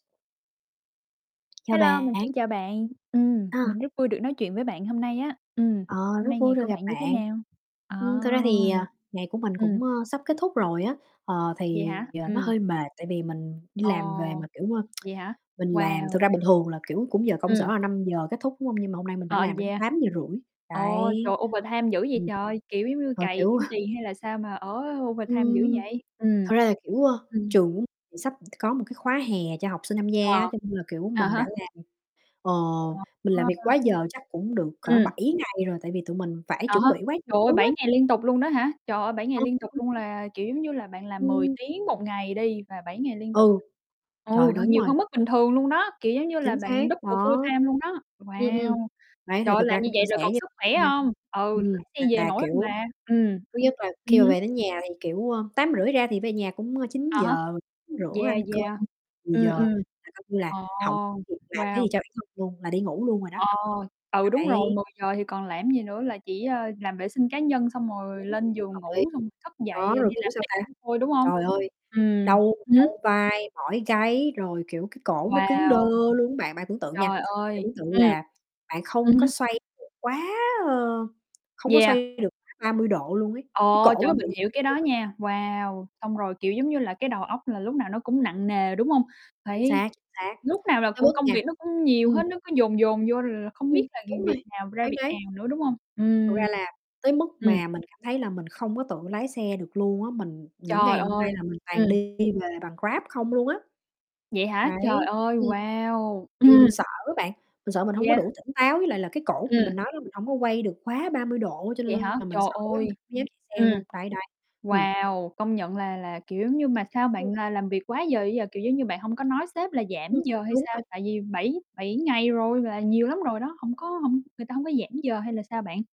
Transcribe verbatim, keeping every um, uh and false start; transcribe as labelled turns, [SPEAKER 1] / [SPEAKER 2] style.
[SPEAKER 1] Chào
[SPEAKER 2] Hello, mình
[SPEAKER 1] bạn.
[SPEAKER 2] xin chào bạn, ừm,
[SPEAKER 1] À.
[SPEAKER 2] mình rất vui được nói chuyện với bạn hôm nay á. Ừm,
[SPEAKER 1] Ờ,
[SPEAKER 2] hôm
[SPEAKER 1] rất
[SPEAKER 2] nay
[SPEAKER 1] vui
[SPEAKER 2] ngày
[SPEAKER 1] được
[SPEAKER 2] của
[SPEAKER 1] gặp
[SPEAKER 2] bạn như thế
[SPEAKER 1] bạn.
[SPEAKER 2] nào? Ờ.
[SPEAKER 1] Ừm, thực ra thì, à, ngày của mình
[SPEAKER 2] Ừm.
[SPEAKER 1] cũng, ơ, sắp kết thúc rồi á. Ờ,
[SPEAKER 2] Vậy
[SPEAKER 1] thì,
[SPEAKER 2] hả?
[SPEAKER 1] ờ, nó
[SPEAKER 2] Ừm.
[SPEAKER 1] hơi mệt tại vì mình đi làm về
[SPEAKER 2] Ồ.
[SPEAKER 1] mà, kiểu, ơ,
[SPEAKER 2] Vậy hả?
[SPEAKER 1] mình làm thực
[SPEAKER 2] Wow.
[SPEAKER 1] ra bình thường là, kiểu, cũng giờ công sở
[SPEAKER 2] Ừm.
[SPEAKER 1] là năm giờ kết thúc, đúng hông? Nhưng mà hôm nay mình phải
[SPEAKER 2] Ờ,
[SPEAKER 1] làm đến
[SPEAKER 2] yeah.
[SPEAKER 1] tám giờ rưỡi
[SPEAKER 2] Ồ,
[SPEAKER 1] đấy.
[SPEAKER 2] trời, overtime dữ vậy
[SPEAKER 1] Ừm.
[SPEAKER 2] trời, kiểu giống như,
[SPEAKER 1] Ờ,
[SPEAKER 2] cày
[SPEAKER 1] kiểu
[SPEAKER 2] kiếm tiền hay là sao mà ở overtime dữ
[SPEAKER 1] Ừm,
[SPEAKER 2] vậy? Ừm.
[SPEAKER 1] thật ra là, kiểu, ơ,
[SPEAKER 2] Ừm.
[SPEAKER 1] trường sắp có một cái khóa hè cho học sinh tham gia
[SPEAKER 2] À.
[SPEAKER 1] á, cho nên là, kiểu,
[SPEAKER 2] À
[SPEAKER 1] mình
[SPEAKER 2] há.
[SPEAKER 1] đã làm, ờ, mình làm việc quá
[SPEAKER 2] [unintelligible]
[SPEAKER 1] giờ chắc cũng được cỡ
[SPEAKER 2] Ừm.
[SPEAKER 1] bảy ngày rồi, tại vì tụi mình phải
[SPEAKER 2] À
[SPEAKER 1] chuẩn
[SPEAKER 2] ha.
[SPEAKER 1] bị quá nhiều
[SPEAKER 2] Trời ơi,
[SPEAKER 1] thứ
[SPEAKER 2] bảy
[SPEAKER 1] á.
[SPEAKER 2] ngày liên tục luôn đó hả? Trời ơi, bảy ngày liên tục
[SPEAKER 1] [unintelligible]
[SPEAKER 2] luôn, là kiểu, giống như là, bạn làm mười
[SPEAKER 1] Ừm.
[SPEAKER 2] tiếng một ngày đi và bảy ngày liên tục.
[SPEAKER 1] Ừ.
[SPEAKER 2] Ừ,
[SPEAKER 1] Trời,
[SPEAKER 2] h
[SPEAKER 1] đúng
[SPEAKER 2] nhiều
[SPEAKER 1] rồi.
[SPEAKER 2] hơn mức bình thường luôn đó, kiểu, giống như là
[SPEAKER 1] Chính
[SPEAKER 2] bạn
[SPEAKER 1] xác,
[SPEAKER 2] double
[SPEAKER 1] đó.
[SPEAKER 2] full-time luôn đó.
[SPEAKER 1] Ừm, ừm.
[SPEAKER 2] Wow.
[SPEAKER 1] Đấy,
[SPEAKER 2] Trời
[SPEAKER 1] thì
[SPEAKER 2] ơi,
[SPEAKER 1] thực
[SPEAKER 2] làm
[SPEAKER 1] ra
[SPEAKER 2] như
[SPEAKER 1] cũng chia
[SPEAKER 2] vậy
[SPEAKER 1] sẻ
[SPEAKER 2] rồi còn
[SPEAKER 1] với
[SPEAKER 2] sức khỏe
[SPEAKER 1] nha.
[SPEAKER 2] hông? Ừ, lái
[SPEAKER 1] Ừm,
[SPEAKER 2] xe về
[SPEAKER 1] mà,
[SPEAKER 2] nổi hông
[SPEAKER 1] kiểu,
[SPEAKER 2] bà? Ừm.
[SPEAKER 1] thứ nhất là khi
[SPEAKER 2] Ừm
[SPEAKER 1] mà
[SPEAKER 2] hứm.
[SPEAKER 1] về đến nhà thì, kiểu ờ, tám rưỡi ra thì về nhà cũng chín
[SPEAKER 2] Á há.
[SPEAKER 1] giờ rửa
[SPEAKER 2] Yeah,
[SPEAKER 1] ăn cơm,
[SPEAKER 2] yeah.
[SPEAKER 1] mười
[SPEAKER 2] Ừm,
[SPEAKER 1] giờ
[SPEAKER 2] ừm.
[SPEAKER 1] là coi như là
[SPEAKER 2] Ồ!
[SPEAKER 1] hổng kịp làm cái
[SPEAKER 2] Wow.
[SPEAKER 1] gì cho bản thân luôn, là đi ngủ luôn rồi đó.
[SPEAKER 2] Ồ. Ừ, đúng
[SPEAKER 1] Đấy.
[SPEAKER 2] rồi, mười giờ thì còn làm gì nữa, là chỉ, ơ, làm vệ sinh cá nhân, xong rồi
[SPEAKER 1] Đúng,
[SPEAKER 2] lên giường
[SPEAKER 1] hợp lý,
[SPEAKER 2] ngủ, xong thức
[SPEAKER 1] đó,
[SPEAKER 2] dậy
[SPEAKER 1] rồi,
[SPEAKER 2] đi
[SPEAKER 1] kiểu,
[SPEAKER 2] làm
[SPEAKER 1] sao
[SPEAKER 2] tiếp
[SPEAKER 1] ta?
[SPEAKER 2] [unintelligible] thôi, đúng hông?
[SPEAKER 1] Trời ơi,
[SPEAKER 2] Ừm
[SPEAKER 1] đau
[SPEAKER 2] hứm.
[SPEAKER 1] đau vai, mỏi gáy rồi, kiểu, cái cổ nó cứng đơ
[SPEAKER 2] Wow!
[SPEAKER 1] luôn á bạn. Bạn tưởng tượng nha,
[SPEAKER 2] Trời
[SPEAKER 1] bạn
[SPEAKER 2] ơi,
[SPEAKER 1] tưởng tượng
[SPEAKER 2] ừm.
[SPEAKER 1] là bạn
[SPEAKER 2] Ừm
[SPEAKER 1] không có
[SPEAKER 2] hưm.
[SPEAKER 1] xoay được quá, ơ không có
[SPEAKER 2] Yeah.
[SPEAKER 1] xoay được ba mươi độ luôn ấy, cái
[SPEAKER 2] Ồ!
[SPEAKER 1] cổ
[SPEAKER 2] Trời,
[SPEAKER 1] nó bị
[SPEAKER 2] mình
[SPEAKER 1] như
[SPEAKER 2] hiểu
[SPEAKER 1] vậy
[SPEAKER 2] cái đó
[SPEAKER 1] luôn ấy.
[SPEAKER 2] nha. Wow. Xong rồi, kiểu, giống như là,
[SPEAKER 1] [unintelligible]
[SPEAKER 2] cái
[SPEAKER 1] [unintelligible]
[SPEAKER 2] đầu óc là lúc nào nó cũng nặng nề, đúng hông?
[SPEAKER 1] Chính
[SPEAKER 2] Phải
[SPEAKER 1] xác, chính xác,
[SPEAKER 2] lúc nào là
[SPEAKER 1] tới
[SPEAKER 2] cũng
[SPEAKER 1] mức
[SPEAKER 2] công
[SPEAKER 1] nha
[SPEAKER 2] việc nó cũng nhiều
[SPEAKER 1] ừm.
[SPEAKER 2] hết, nó cứ dồn, dồn vô, rồi là không
[SPEAKER 1] Ừm,
[SPEAKER 2] biết là
[SPEAKER 1] đúng
[SPEAKER 2] việc
[SPEAKER 1] rồi,
[SPEAKER 2] nào ra
[SPEAKER 1] phán
[SPEAKER 2] việc
[SPEAKER 1] đoán.
[SPEAKER 2] nào nữa, đúng hông?
[SPEAKER 1] Thật
[SPEAKER 2] Ừm.
[SPEAKER 1] ra là tới mức
[SPEAKER 2] Ừm.
[SPEAKER 1] mà mình cảm thấy là mình không có tự lái xe được luôn á, mình những
[SPEAKER 2] Trời
[SPEAKER 1] ngày hôm
[SPEAKER 2] ơi.
[SPEAKER 1] nay là mình toàn
[SPEAKER 2] Ừm.
[SPEAKER 1] đi về bằng Grab không luôn á.
[SPEAKER 2] Vậy hả? Trời
[SPEAKER 1] Đấy,
[SPEAKER 2] ơi.
[SPEAKER 1] ừm,
[SPEAKER 2] Wow!
[SPEAKER 1] tại vì
[SPEAKER 2] Ừm.
[SPEAKER 1] mình sợ á bạn, mình sợ mình hổng có
[SPEAKER 2] Yeah.
[SPEAKER 1] đủ tỉnh táo, với lại là cái cổ thì
[SPEAKER 2] Ừm.
[SPEAKER 1] mình nói là mình hổng có quay được quá ba mươi độ á, cho
[SPEAKER 2] Vậy hả?
[SPEAKER 1] nên là mình
[SPEAKER 2] Trời
[SPEAKER 1] sợ quá, mình
[SPEAKER 2] ơi.
[SPEAKER 1] dám chạy xe
[SPEAKER 2] Ừm.
[SPEAKER 1] luôn, đấy, đấy. Ừm.
[SPEAKER 2] Wow. Công nhận là là, kiểu, giống như mà sao bạn
[SPEAKER 1] [unintelligible]
[SPEAKER 2] là làm việc quá giờ dữ vậy? Kiểu giống như, bạn hông có nói sếp là giảm
[SPEAKER 1] Ừm,
[SPEAKER 2] giờ hay
[SPEAKER 1] đúng
[SPEAKER 2] sao?
[SPEAKER 1] vậy.
[SPEAKER 2] Tại vì bảy bảy ngày rồi là nhiều lắm rồi đó, hổng có hông người ta hổng có giảm giờ hay là sao bạn?